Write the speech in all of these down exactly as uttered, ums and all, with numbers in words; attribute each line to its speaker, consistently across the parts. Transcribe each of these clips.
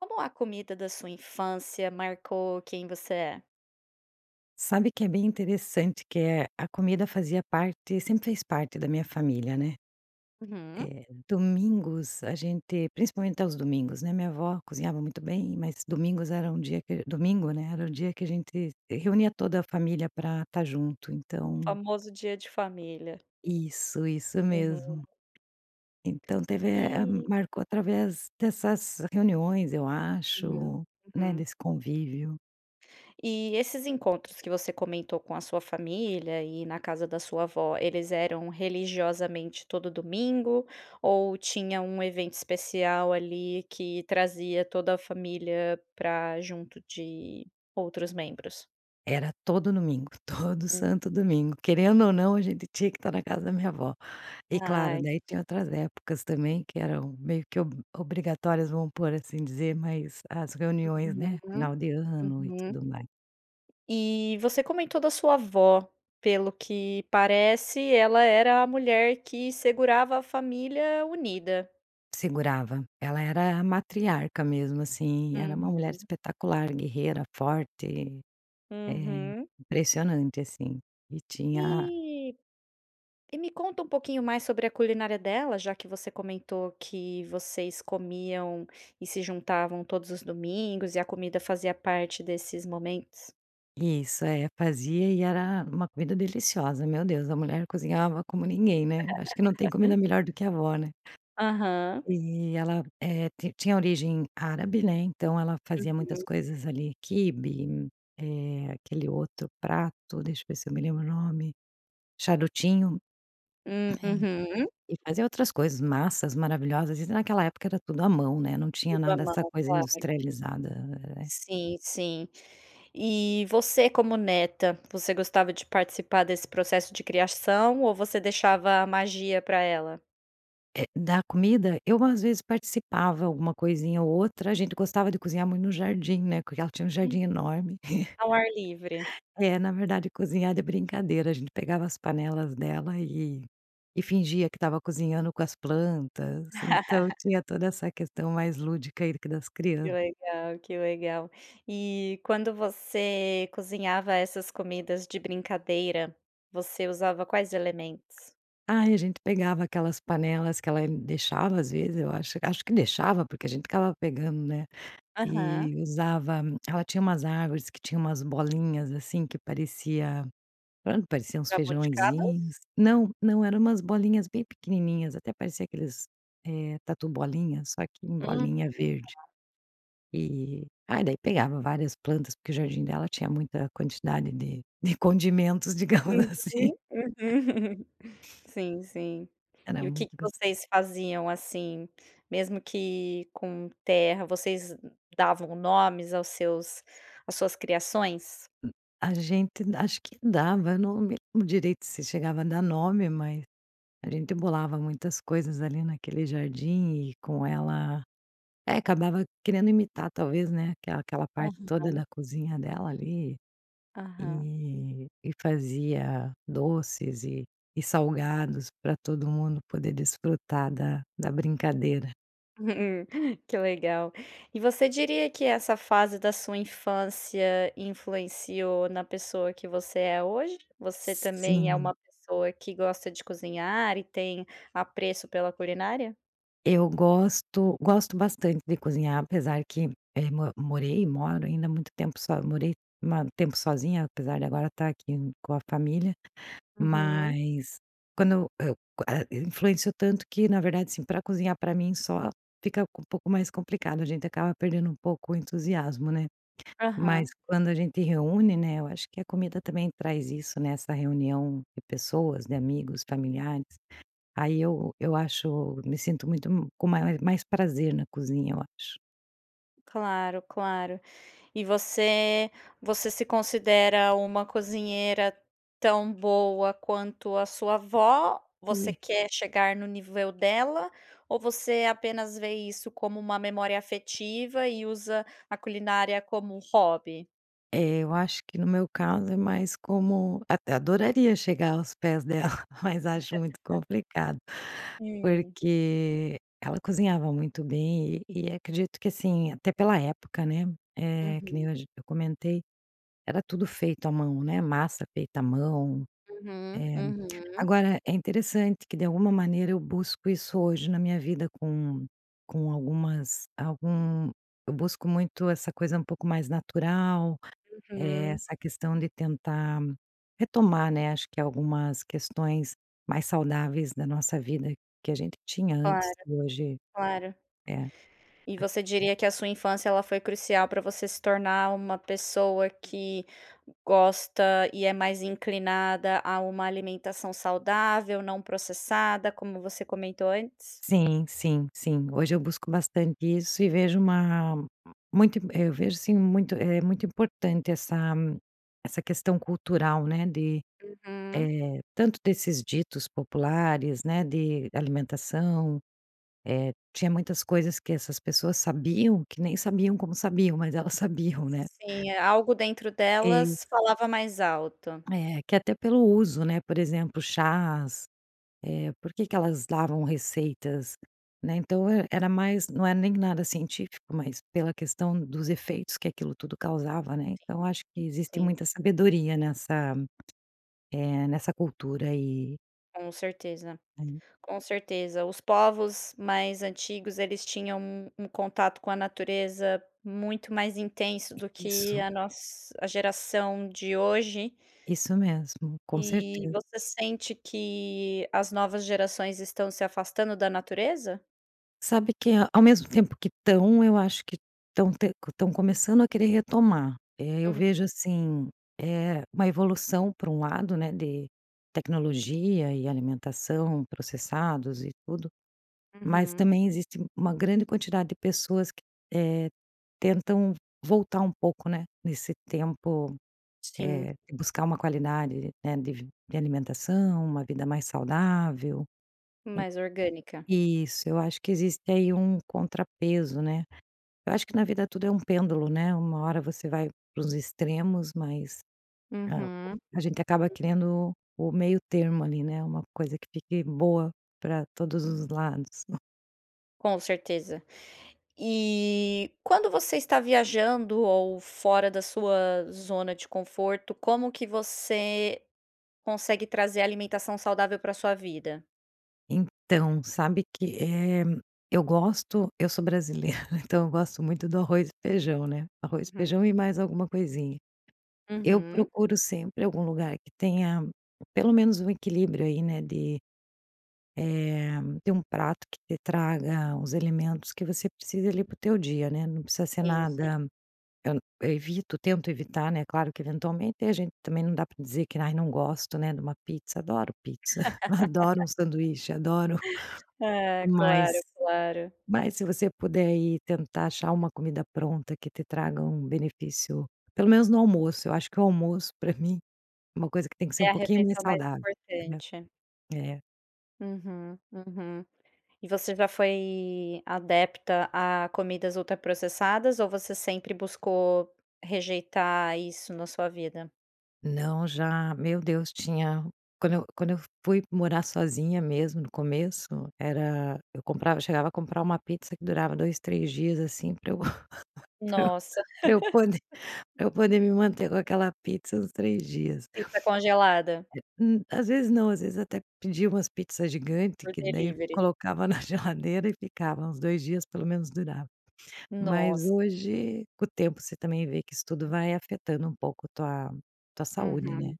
Speaker 1: Como a comida da sua infância marcou quem você é?
Speaker 2: Sabe que é bem interessante, que, eh, a comida fazia parte sempre fez parte da minha família, né,
Speaker 1: Uhum.
Speaker 2: eh, domingos, a gente principalmente aos domingos, né, a minha avó cozinhava muito bem, mas domingos era um dia que domingo, né, era o dia que a gente reunia toda a família para tá junto,
Speaker 1: O
Speaker 2: então
Speaker 1: famoso dia de família.
Speaker 2: Isso, isso mesmo.
Speaker 1: Uhum.
Speaker 2: Então teve eh, a
Speaker 1: E
Speaker 2: marcou através dessas reuniões eu
Speaker 1: Uhum,
Speaker 2: acho, né,
Speaker 1: uhum.
Speaker 2: desse convívio.
Speaker 1: E esses encontros que você comentou com a sua família e na casa da sua avó, eles eram religiosamente todo domingo ou tinha um evento especial, ali, que trazia toda a família pra junto de outros membros?
Speaker 2: Era todo domingo, todo
Speaker 1: Hum.
Speaker 2: santo domingo, querendo ou não, a gente tinha que tá na casa da minha avó e claro,
Speaker 1: Ai.
Speaker 2: daí tinha outras épocas também, que eram meio que ob obrigatórias, vamos pôr assim dizer, mas as reuniões, né,
Speaker 1: Uhum,
Speaker 2: final de ano e
Speaker 1: uhum.
Speaker 2: tudo mais.
Speaker 1: E você comentou da sua avó, pelo que parece, ela era a mulher que segurava a família unida.
Speaker 2: Segurava, ela era a matriarca, mesmo, assim, era uma mulher
Speaker 1: Uhum.
Speaker 2: espetacular, guerreira, forte, é
Speaker 1: Uhum.
Speaker 2: impressionante, assim, e tinha
Speaker 1: E e me conta um pouquinho mais sobre a culinária dela, já que você comentou que vocês comiam e se juntavam todos os domingos, e a comida fazia parte desses momentos.
Speaker 2: Isso, é, fazia e era uma comida deliciosa, meu Deus, a mulher cozinhava como ninguém, né, acho que não tem comida melhor do que a avó, né,
Speaker 1: Aham.
Speaker 2: e ela, eh, ti tinha origem árabe, né, então ela fazia muitas
Speaker 1: Uhum.
Speaker 2: coisas ali, quibe, eh, aquele outro prato, deixa eu ver se eu me lembro o nome, charutinho,
Speaker 1: Uh
Speaker 2: eh,
Speaker 1: uhum.
Speaker 2: e fazia outras coisas massas maravilhosas, e naquela época era tudo à mão, né, não tinha
Speaker 1: Tudo a
Speaker 2: nada essa
Speaker 1: mão,
Speaker 2: coisa
Speaker 1: claro.
Speaker 2: industrializada, eh
Speaker 1: Sim, sim, e você como neta, você gostava de participar desse processo de criação ou você deixava a magia pra ela?
Speaker 2: É, da comida, eu às vezes participava alguma coisinha ou outra, a gente gostava de cozinhar muito no jardim, né, porque ela tinha um
Speaker 1: Hum,
Speaker 2: jardim enorme.
Speaker 1: ao ar livre.
Speaker 2: É, na verdade, cozinhar de brincadeira, a gente pegava as panelas dela e e fingia que estava cozinhando com as plantas, então tinha toda essa questão mais lúdica aí das
Speaker 1: Que
Speaker 2: crianças.
Speaker 1: legal, que legal. E quando você cozinhava essas comidas de brincadeira, você usava quais elementos?
Speaker 2: Aí a gente pegava aquelas panelas que ela deixava, às vezes eu acho acho que deixava porque a gente ficava pegando, né,
Speaker 1: Aham.
Speaker 2: e usava, ela tinha umas árvores que tinham umas bolinhas, assim, que parecia, pronto, parecia uns
Speaker 1: Jabuticabas?
Speaker 2: feijãozinhos, não, não, eram umas bolinhas bem pequenininhas, até parecia aqueles, eh, tatu bolinha, só que em
Speaker 1: Hum, tá.
Speaker 2: bolinha verde, e aí, daí pegava várias plantas, porque o jardim dela tinha muita quantidade de de condimentos, digamos
Speaker 1: Uhum,
Speaker 2: assim.
Speaker 1: uhum sim, sim.
Speaker 2: Era
Speaker 1: E o que
Speaker 2: muito
Speaker 1: que
Speaker 2: gos
Speaker 1: vocês faziam, assim, mesmo que com terra, vocês davam nomes aos seus às suas criações?
Speaker 2: Hum. A gente acho que dava, não me lembro direito se chegava a dar nome, mas a gente bolava muitas coisas ali naquele jardim e com ela é, acabava querendo imitar, talvez, né, aquela aquela parte toda da
Speaker 1: Aham.
Speaker 2: cozinha dela ali,
Speaker 1: Aham.
Speaker 2: e e fazia doces e e salgados pra todo mundo poder desfrutar da da brincadeira.
Speaker 1: Que legal! E você diria que essa fase da sua infância influenciou na pessoa que você é hoje? Você também é
Speaker 2: Sim.
Speaker 1: uma pessoa que gosta de cozinhar e tem apreço pela culinária?
Speaker 2: Eu gosto, gosto bastante de cozinhar, apesar que, eh, mo morei, moro ainda há muito tempo, só morei ma um tempo sozinha, apesar de agora estar aqui com a família.
Speaker 1: Uhum.
Speaker 2: Mas, quando eu a in influenciou tanto que, na verdade, assim, para cozinhar para mim só, fica um pouco mais complicado. A gente acaba perdendo um pouco o entusiasmo, né? Mas
Speaker 1: Aham.
Speaker 2: quando a gente reúne, né, eu acho que a comida também traz isso, né, essa reunião de pessoas, de amigos, familiares. Aí eu eu acho me sinto muito com mais prazer na cozinha, eu acho.
Speaker 1: Claro, claro! E você você se considera uma cozinheira tão boa quanto a sua avó? Você
Speaker 2: Ui.
Speaker 1: quer chegar no nível dela ou você apenas vê isso como uma memória afetiva e usa a culinária como um hobby?
Speaker 2: É, eu acho que no meu caso, é mais como até adoraria chegar aos pés dela, mas acho muito complicado,
Speaker 1: Hum.
Speaker 2: porque ela cozinhava muito bem, e e acredito que, assim, até pela época, né? Eh, que nem
Speaker 1: Uhum.
Speaker 2: hoje eu comentei, era tudo feito à mão, né? Massa feita à mão.
Speaker 1: Uhum,
Speaker 2: É.
Speaker 1: uhum.
Speaker 2: Agora, é interessante que de alguma maneira eu busco isso hoje na minha vida, com com algumas algum Eu busco muito essa coisa um pouco mais natural. É,
Speaker 1: Uhum.
Speaker 2: essa questão de tentar retomar, né. Acho que algumas questões mais saudáveis da nossa vida que a gente tinha
Speaker 1: Claro,
Speaker 2: antes e hoje.
Speaker 1: claro.
Speaker 2: É
Speaker 1: E
Speaker 2: [unintelligible]
Speaker 1: você diria que a sua infância, ela foi crucial para você se tornar uma pessoa que gosta e é mais inclinada a uma alimentação saudável, não processada, como você comentou antes?
Speaker 2: Sim, sim, sim. Hoje eu busco bastante isso e vejo uma muito Eu vejo, assim, muito é muito importante essa essa questão cultural, né. De,
Speaker 1: Uhum.
Speaker 2: eh, tanto desses ditos populares, né. De alimentação, eh, tinha muitas coisas que essas pessoas sabiam, que nem sabiam como sabiam, mas elas sabiam, né?
Speaker 1: Sim, é, algo dentro
Speaker 2: Isso.
Speaker 1: delas falava mais alto.
Speaker 2: É, que até pelo uso, né? Por exemplo, chás. Eh, por que que elas davam receitas, né. Então era mais não é nem nada científico, mas pela questão dos efeitos que aquilo tudo causava, né. Então eu
Speaker 1: Sim,
Speaker 2: acho que existe
Speaker 1: sim.
Speaker 2: muita sabedoria nessa, eh, nessa cultura, e
Speaker 1: Com certeza,
Speaker 2: Aí
Speaker 1: com certeza. Os povos mais antigos, eles tinham um um contato com a natureza muito mais intenso do que
Speaker 2: Isso.
Speaker 1: a nos a geração de hoje
Speaker 2: Isso mesmo, com
Speaker 1: E
Speaker 2: certeza.
Speaker 1: você sente que as novas gerações estão se afastando da natureza?
Speaker 2: Sabe que, ao mesmo tempo que estão, eu acho que estão te estão começando a querer retomar. Eh, eu
Speaker 1: Hum.
Speaker 2: vejo assim, eh, uma evolução para um lado, né, de tecnologia e alimentação, processados e tudo. Mas
Speaker 1: Uhum.
Speaker 2: também existe uma grande quantidade de pessoas que eh, tentam voltar um pouco, né, nesse tempo,
Speaker 1: Sim.
Speaker 2: eh, e buscar uma qualidade, né, de de alimentação, uma vida mais saudável. En
Speaker 1: Mais orgânica.
Speaker 2: isso. Eu acho que existe aí um contrapeso, né. Eu acho que, na vida, tudo é um pêndulo, né. Uma hora você vai para os extremos, mas, eh, [unintelligible]
Speaker 1: Uhum.
Speaker 2: a gente acaba
Speaker 1: [unintelligible]
Speaker 2: querendo o meio termo ali, né. Uma coisa que fique boa para todos os lados.
Speaker 1: Com certeza. E quando você está viajando ou fora da sua zona de conforto, como que você consegue trazer alimentação saudável pra a sua vida?
Speaker 2: Então sabe que, eh, eu gosto eu sou brasileira, né, então eu gosto muito do arroz e feijão, né. Arroz e
Speaker 1: Uhum.
Speaker 2: feijão e mais alguma coisinha. Eu
Speaker 1: Uhum.
Speaker 2: procuro sempre algum lugar que tenha, pelo menos, um equilíbrio aí, né, de, eh, tem um prato que te traga os elementos que você precise, ali, para o teu dia, né, não precisa ser
Speaker 1: Sim, sim.
Speaker 2: nada eu, eu evito, tento evitar, né, claro que eventualmente a gente também não dá para dizer que: "Ah, não gosto, né, de uma pizza", adoro pizza, adoro um sanduíche, adoro
Speaker 1: Ah, claro,
Speaker 2: mas
Speaker 1: claro.
Speaker 2: mas se você puder ir tentar achar uma comida pronta que te traga um benefício, pelo menos no almoço, eu acho que o almoço pra mim, uma coisa que tem que ser um
Speaker 1: É a
Speaker 2: pouquinho mais
Speaker 1: refeição mais
Speaker 2: saudável, né.
Speaker 1: importante.
Speaker 2: É.
Speaker 1: Uhum, uhum. E você já foi adepta a comidas ultraprocessadas ou você sempre buscou rejeitar isso na sua vida?
Speaker 2: Não, já, meu Deus, tinha quando eu quando eu fui morar sozinha mesmo, no começo, era eu comprava chegava a comprar uma pizza que durava dois, três dias, assim, para eu
Speaker 1: Nossa.
Speaker 2: Para eu poder para eu poder me manter com aquela pizza uns três dias.
Speaker 1: Pizza congelada?
Speaker 2: É Hum, às vezes não. Às vezes até pedia umas pizzas gigantes,
Speaker 1: Por
Speaker 2: que daí
Speaker 1: delivery?
Speaker 2: colocava na geladeira e ficava. Uns dois dias, pelo menos, durava. Mas
Speaker 1: Nossa.
Speaker 2: hoje com o tempo, você também vê que isso tudo vai afetando um pouco a tua tua saúde,
Speaker 1: Uhum,
Speaker 2: né?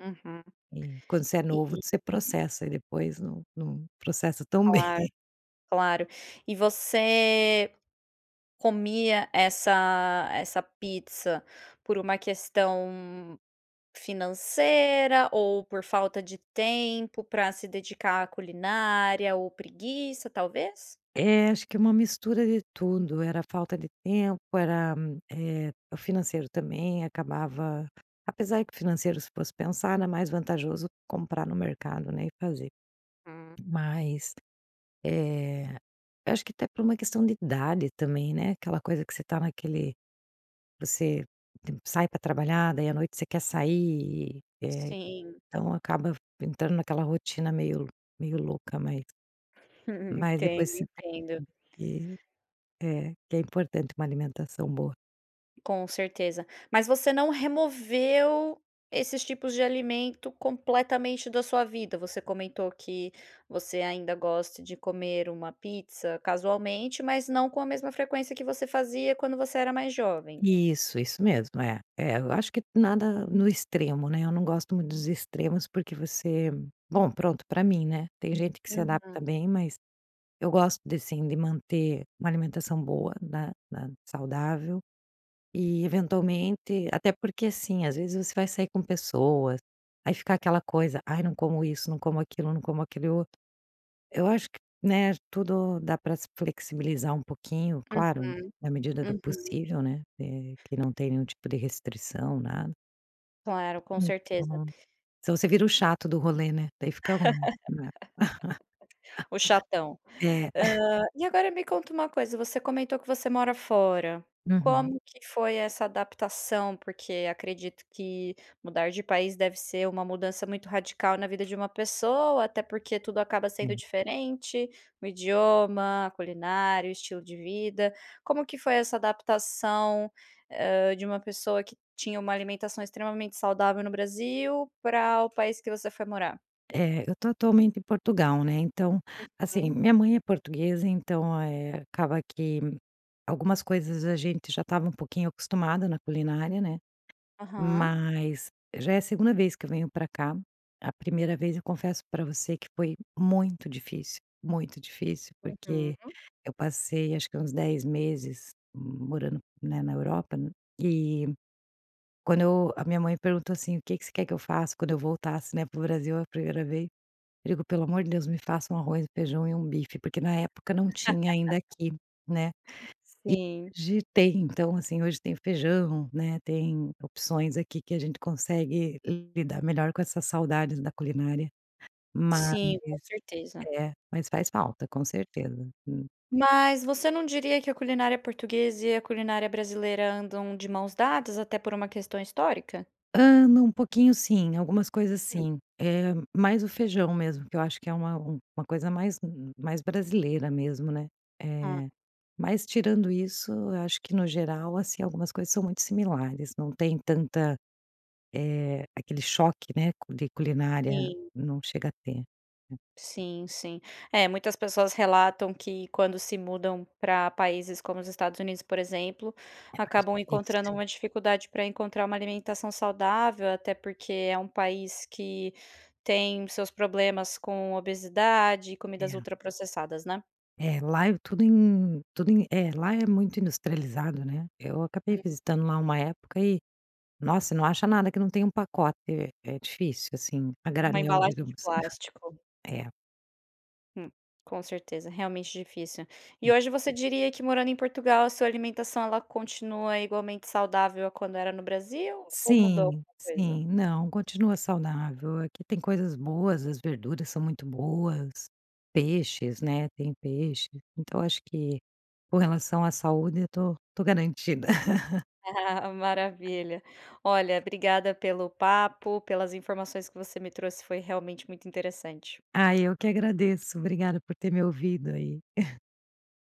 Speaker 1: uhum.
Speaker 2: E quando você é novo,
Speaker 1: E
Speaker 2: você processa e depois não não processa tão
Speaker 1: Claro,
Speaker 2: bem.
Speaker 1: claro. E você comia essa essa pizza por uma questão financeira ou por falta de tempo para se dedicar à culinária, ou preguiça, talvez?
Speaker 2: É, acho que é uma mistura de tudo. Era falta de tempo. Era, eh, o financeiro também acabava apesar de que o financeiro, se fosse pensar, era mais vantajoso comprar no mercado, né, e fazer.
Speaker 1: Hum.
Speaker 2: Mas, eh, eu acho que até por uma questão de idade também, né? Aquela coisa que você está naquele você sai para trabalhar. Daí, à noite, você quer sair e, eh
Speaker 1: Sim.
Speaker 2: então acaba entrando naquela rotina meio meio louca, mas, mas depois
Speaker 1: Entendo,
Speaker 2: você vê
Speaker 1: entendo.
Speaker 2: que, eh, que é importante uma alimentação boa.
Speaker 1: Com certeza, mas você não removeu esses tipos de alimento completamente da sua vida? Você comentou que você ainda gosta de comer uma pizza casualmente, mas não com a mesma frequência que você fazia quando você era mais jovem?
Speaker 2: Isso, isso mesmo, é é, eu acho que nada no extremo, né, eu não gosto muito dos extremos, porque você bom, pronto pra mim, né, tem gente que se adapta
Speaker 1: Uhum.
Speaker 2: bem, mas eu gosto de, assim, de manter uma alimentação boa, na na saudável e eventualmente até porque, assim, às vezes você vai sair com pessoas, aí fica aquela coisa: "Aí, não como isso, não como aquilo, não como aquilo outro." Eu acho que, né, tudo dá para se flexibilizar um pouquinho, claro,
Speaker 1: Uhum,
Speaker 2: na medida do
Speaker 1: uhum.
Speaker 2: possível, né, é quem não tem nenhum tipo de restrição, nada.
Speaker 1: Claro, com certeza.
Speaker 2: Então, se não você vira o chato do rolê, né, aí fica ruim, né.
Speaker 1: O chatão.
Speaker 2: É.
Speaker 1: Hã, e agora me conta uma coisa, você comentou que você mora fora,
Speaker 2: Uhum.
Speaker 1: como que foi essa adaptação, porque acredito que mudar de país deve ser uma mudança muito radical na vida de uma pessoa, até porque tudo acaba sendo
Speaker 2: Sim.
Speaker 1: diferente, o idioma, a culinária, o estilo de vida, como que foi essa adaptação, hã, de uma pessoa que tinha uma alimentação extremamente saudável no Brasil pra o país que você foi morar?
Speaker 2: É, eu tô atualmente em Portugal, né. Então, assim,
Speaker 1: Uhum.
Speaker 2: minha mãe é portuguesa, então, eh, acaba que algumas coisas a gente já estava um pouquinho acostumado na culinária, né.
Speaker 1: Aham.
Speaker 2: Mas já é a segunda vez que eu venho para cá. A primeira vez, eu confesso para você que foi muito difícil, muito difícil, porque
Speaker 1: Uhum.
Speaker 2: eu passei, acho que uns dez meses morando, né, na Europa, e, quando eu a minha mãe perguntou, assim: "O que que você quer que eu faça quando eu voltasse, né, para o Brasil, a primeira vez", eu disse: "Pelo amor de Deus, me faça um arroz, feijão e um bife", porque na época não tinha ainda aqui, né. E
Speaker 1: Sim.
Speaker 2: hoje tem. Então, assim, hoje tem feijão, né. Tem opções aqui que a gente consegue lidar melhor com essas saudades da culinária, mas,
Speaker 1: Sim, com certeza.
Speaker 2: é, mas faz falta, com certeza. Hum
Speaker 1: Mas você não diria que a culinária portuguesa, e a culinária brasileira andam de maus dados até por uma questão histórica?
Speaker 2: Ah, na um pouquinho, sim, algumas coisas,
Speaker 1: Hum.
Speaker 2: sim, é mais o feijão mesmo, que eu acho que é uma uma coisa mais mais brasileira mesmo, né.
Speaker 1: Ah.
Speaker 2: Eh, mas, tirando isso, acho que no geral, assim, algumas coisas são muito similares, não tem tanta. É aquele choque, né, de culinária,
Speaker 1: Sim.
Speaker 2: não chega a ter, é.
Speaker 1: Sim, sim, é muitas pessoas relatam que quando se mudam pra paises como os Estados Unidos, por exemplo,
Speaker 2: É mais
Speaker 1: acabam
Speaker 2: difícil.
Speaker 1: encontrando dificuldade pra encontrar uma alimentação saudável, até porque é um país que tem seus problemas com obesidade e comidas
Speaker 2: É.
Speaker 1: ultra processadas, né?
Speaker 2: É, lá é tudo em tudo em é, lá é muito industrializado, né. Eu acabei
Speaker 1: Hum.
Speaker 2: visitando lá uma época e, nossa, não acha nada que não tem um pacote. É difícil, assim, a
Speaker 1: Uma
Speaker 2: granel,
Speaker 1: embalagem de
Speaker 2: digamos,
Speaker 1: plástico.
Speaker 2: é.
Speaker 1: Hum, com certeza realmente difícil. E
Speaker 2: Hum.
Speaker 1: hoje você diria que morando em Portugal, a sua alimentação, ela continua igualmente saudável quando era no Brasil ou mudou
Speaker 2: Sim,
Speaker 1: alguma coisa.
Speaker 2: sim, não, continua saudável. Aqui tem coisas boas. As verduras são muito boas, peixes, né, tem peixe. Então eu acho que com relação à saúde, eu estou, estou garantida.
Speaker 1: Maravilha. Olha, obrigada pelo papo, pelas informações que você me trouxe, foi realmente muito interessante.
Speaker 2: Ah, eu que agradeço. Obrigada por ter me ouvido aí.